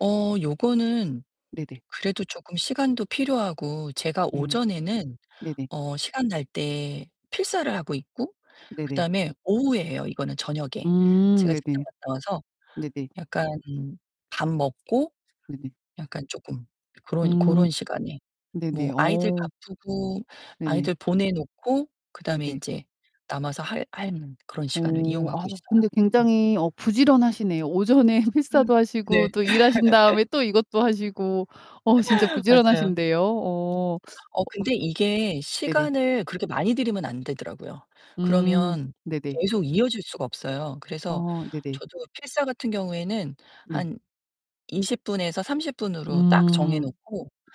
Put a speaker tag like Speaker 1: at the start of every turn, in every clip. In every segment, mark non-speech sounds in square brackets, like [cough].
Speaker 1: 어 요거는
Speaker 2: 네네.
Speaker 1: 그래도 조끔 시간도 필요하고 제가
Speaker 2: 음.
Speaker 1: 오전에는
Speaker 2: 네네.
Speaker 1: 어 시간 날 때 필사를 하고 있고 그
Speaker 2: 네네.
Speaker 1: 다음에 오후에 해요, 이거는 저녁에.
Speaker 2: 음
Speaker 1: 제가 직장
Speaker 2: 네네.
Speaker 1: 갔다 와서
Speaker 2: 네네.
Speaker 1: 약간 밥 먹고
Speaker 2: 네네.
Speaker 1: 약간 쪼끔 그런
Speaker 2: 음.
Speaker 1: 고런 시간에.
Speaker 2: 네네.
Speaker 1: 뭐 아이들
Speaker 2: 어.
Speaker 1: 바쁘고
Speaker 2: 네네.
Speaker 1: 아이들 보내 놓고 그다음에
Speaker 2: 네네.
Speaker 1: 인제 남아서 할 하는 그런 시간을
Speaker 2: 어 아
Speaker 1: 이용하고 있어요.
Speaker 2: 근데
Speaker 1: 음.
Speaker 2: 굉장히 어 부지런하시네요. 오전에
Speaker 1: 음
Speaker 2: 필사도 하시고
Speaker 1: 네.
Speaker 2: 또 일하신
Speaker 1: [laughs]
Speaker 2: 다음에 또 이것도 하시고 어 진짜
Speaker 1: 맞아요.
Speaker 2: 부지런하신데요. 어
Speaker 1: 어 근데 이게
Speaker 2: [sucks teeth] 네네.
Speaker 1: 시간을 그렇게 많이 들이면 안 되더라고요.
Speaker 2: 음
Speaker 1: 그러면
Speaker 2: 네네.
Speaker 1: 계속 이어질 수가 없어요. 그래서
Speaker 2: 어 네네.
Speaker 1: 저도 필사 같은 경우에는
Speaker 2: 네.
Speaker 1: 한 20 분에서 30 분으로 딱 정해
Speaker 2: 음
Speaker 1: 놓고
Speaker 2: 네네.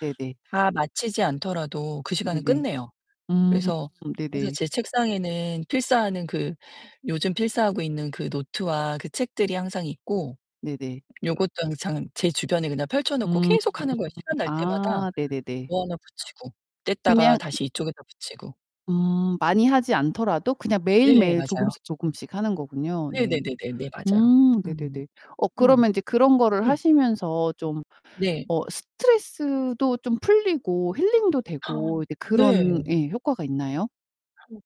Speaker 1: 다 마치지 않더라도 그 시간은
Speaker 2: 네네.
Speaker 1: 끝내요.
Speaker 2: 음
Speaker 1: 그래서 항상
Speaker 2: 네네.
Speaker 1: 제 책상에는 필사하는 그 요즘 필사하고 있는 그 노트와 그 책들이 항상 있고
Speaker 2: 네네.
Speaker 1: 요것도 항상 제 주변에 그냥 펼쳐 놓고
Speaker 2: 음
Speaker 1: 계속하는 거예요. 시간 날 때마다
Speaker 2: 아 네네네.
Speaker 1: 뭐 하나 붙이고 뗐다가
Speaker 2: 그냥
Speaker 1: 다시 이쪽에다 붙이고.
Speaker 2: 음 많이 하지 않더라도 그냥
Speaker 1: 네
Speaker 2: 매일매일
Speaker 1: 맞아요.
Speaker 2: 조금씩 조금씩 하는 거군요. 네.
Speaker 1: 네네네네네 맞아요.
Speaker 2: 음
Speaker 1: 음.
Speaker 2: 네네네. 어
Speaker 1: 음.
Speaker 2: 그러면 인제 그런 거를
Speaker 1: 음.
Speaker 2: 하시면서 좀
Speaker 1: 네.
Speaker 2: 어 스트레스도 좀 풀리고 힐링도 되고
Speaker 1: [gasps]
Speaker 2: 이제 그런
Speaker 1: 네.
Speaker 2: 예 효과가 있나요?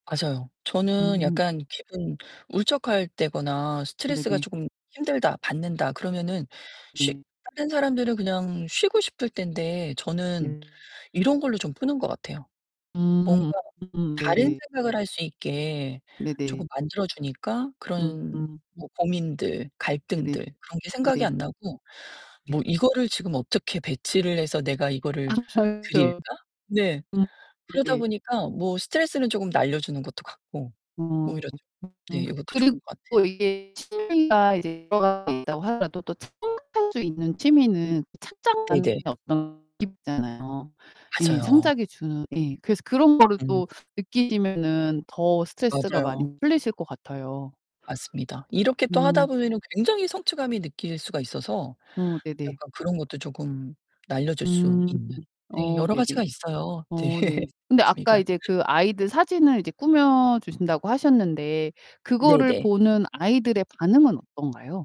Speaker 1: 맞아요. 저는
Speaker 2: 음.
Speaker 1: 약간 기분 울적할 때거나 '스트레스가
Speaker 2: 네네.
Speaker 1: 조금 힘들다. 받는다.' 그러면은 쉬
Speaker 2: 네.
Speaker 1: 다른 사람들은 그냥 쉬고 싶을 텐데 저는
Speaker 2: 네.
Speaker 1: 이런 걸로 좀 푸는 것 같아요. 뭔가
Speaker 2: 음. 음
Speaker 1: 다른
Speaker 2: 네.
Speaker 1: 생각을 할 수 있게
Speaker 2: 네네.
Speaker 1: 조금 만들어 주니까 그런
Speaker 2: 음음.
Speaker 1: 뭐 고민들,
Speaker 2: 네네
Speaker 1: 갈등들 그런 게 생각이
Speaker 2: 네.
Speaker 1: 안 나고
Speaker 2: 예.
Speaker 1: 뭐 '이거를 지금 어떻게 배치를 해서 내가
Speaker 2: 아
Speaker 1: 이거를
Speaker 2: 그렇죠.
Speaker 1: 드릴까?' 네.
Speaker 2: 음.
Speaker 1: 그러다
Speaker 2: 네.
Speaker 1: 보니까 뭐 스트레스는 쪼금 날려 주는 것도 같고 오히려
Speaker 2: 음
Speaker 1: 좀 네 이것도
Speaker 2: 그리고
Speaker 1: 좋은 것 같아요
Speaker 2: 이게 취미가 이제 [unintelligible] 있다고 하더라도 또 창작할 수 있는 취미는 창작만의
Speaker 1: 네네.
Speaker 2: 어떤 느낌이 있쟎아요. 예
Speaker 1: 맞아요.
Speaker 2: 창작이 주는 예 그래서 그런 거를
Speaker 1: 음.
Speaker 2: 또 느끼시면은 더 스트레스가 많이
Speaker 1: 맞아요.
Speaker 2: 풀리실 것 같아요.
Speaker 1: 맞습니다. 이렇게 또 하다
Speaker 2: 음.
Speaker 1: 보면은 굉장히 성취감이 느낄 수가 있어서
Speaker 2: 어 네네.
Speaker 1: 약간 그런 것도 조금 날려 줄 수
Speaker 2: 음.
Speaker 1: 있는 네
Speaker 2: 어
Speaker 1: 여러
Speaker 2: 네네.
Speaker 1: 가지가 있어요. 네.
Speaker 2: 어 네. 근데 아까
Speaker 1: 취미가.
Speaker 2: 이제 그
Speaker 1: [laughs]
Speaker 2: 아이들 사진을 이제 꾸며 주신다고 하셨는데 그거를
Speaker 1: 네네.
Speaker 2: 보는 아이들의 반응은 어떤가요?